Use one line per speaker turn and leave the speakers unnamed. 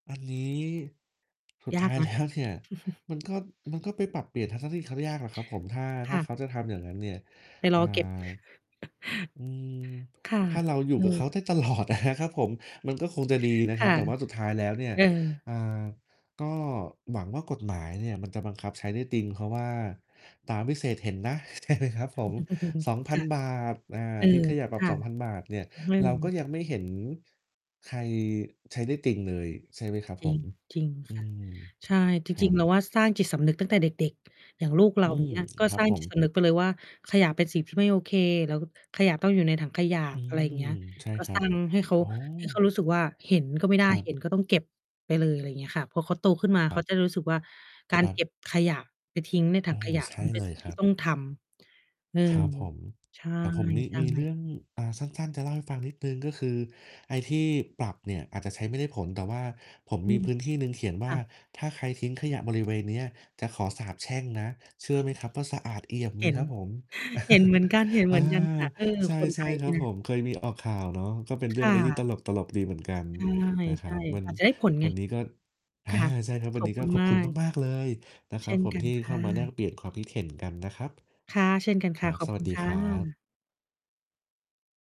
อันนี้สุด
ย
ท
า
้า
ก
ย
น
แล
ะ
้ว เนี่ย มันก็ มันก็ไปปรับเปลี่ยนทัศนะคติเขายากอะครับผม ถ้า ถ
ค
้า
่ะ
เขาจะทำอย่างนั้นเนี่ย
ไป
อ
ร
่า
อเก็บ
อืม
ค่ะ
ถ้าเราอยู
เ
่
อ
กับเขาไ
อ
ด้ ตลอดอะนะครับผม มันก็คงจะดีนะ
ค
คร
่
ับ
ะ
แต่ว่าสุดท้ายแล้วเนี่ย
เออ
อ่า ก็หวังว่ากฎหมายเนี่ยมันจะบังคับใช้ได้จริง เพราะว่าตาวิเศษเห็นนะ ใช่ไหมครับผม ส
ค่ะ
องพันบาท อา
เออ
ทิ้งขยะปร
ค
ับ
่ะ
฿2,000 เนี่ย
อื
เราก็
อ
ยังไม่เห็นใครใช้ได้จริงเลย ใช่ไหมครับ
จ
ผ
ริง
ม
จริง
อื
ค่ะ
อ
ใช่ จ
ครั
ริง ๆ เร
บ
าว่าสร้างจิตสำนึกตั้งแต่เด็ก ๆ อย่างลูก เร
อื
า
ม
เงี้ย ก็
ครับ
สร้าง
ผ
จิ
ม
ตสำนึกไปเลยว่า ขยะเป็นสิ่งที่ไม่โอเค แล้วขยะต้องอยู่ในถังขยะ
อื
อะไรอย่างเ
อ
งี้ย
ใช่
ก็
คร
ส
ั
ร้
บ
าง ให้เขา
โอ้
ให้เขารู้สึกว่า เห็นก็ไม่ได้
ครั
เห
บ
็นก็ต้องเก็บไปเลย อะไรอย่างเงี้ยค่ะ พอเขาโตขึ้นมา
ค
เ
ร
ข
ับ
าจะได้รู้สึกว่า กา
ค
ร
รั
เก
บ
็บขยะไปทิ้งในถ
โอ
ั
้
ง
โฮ
ขยะ
ใช่
มันเป็
เล
น
ย
สิ่ง
ค
ที
ร
่
ับ
ต้อง ทำ เออ
ครับผม
ใ
แต่ผมมี
ช่
มีเรื
ๆ
่อง อา สั้น ๆ จะเล่าให้ฟังนิดหนึ่ง ก็คือไอ้ที่ปรับเนี่ยอาจจะใช้ไม่ได้ผล แต่ว่าผม
อื
มี
ม
พื้นที่หนึ่งเขียนว
ค
่า
่ะ
ถ้าใครทิ้งขยะบริเวณเนี้ยจะขอสาปแช่งนะ เชื่อไหมครับว่าสะอาดเอี่ยมเ
เ
ล
ห
ย
็น
ครับผม
เห็นเหมือนกัน เห็นเ
อ
ห
่
ม
า
ือนกันค่ะ เออ
ใช
คนไท
่
ย
ๆ ค
เนี
ร
่
ั
ย
บ
น
ผ
ะ
ม เคยมีออกข่าวเนาะ ก็เป็นเรื
ค
่อง
่
อะไรที่ต
ะ
ลก ๆ ดีเหมือนกัน
ใ
นะค
ช
รั
่
บ วั
ๆ
น
อาจจะได้ผลไ
ว
ง
ัน
ค
น
่
ี
ะ
้ก็ อา ใช่ครับ ว
ข
ัน
อ
น
บ
ี้
ค
ก
ุ
็
ณ
ขอ
ม
บ
า
คุณ
ก
มาก ๆ เลยนะค
เ
ร
ช
ับ
่น
ผม
กั
ท
น
ี่
ค
เข้
่
ามาแลก
ะ
เปลี่ยนความคิดเห็นกันนะครับ
ค่ะ เช่นกันค
คร
่ะ
ับ
ขอบ
ส
ค
ว
ุ
ัส
ณ
ดี
ค่
ครับ
ะ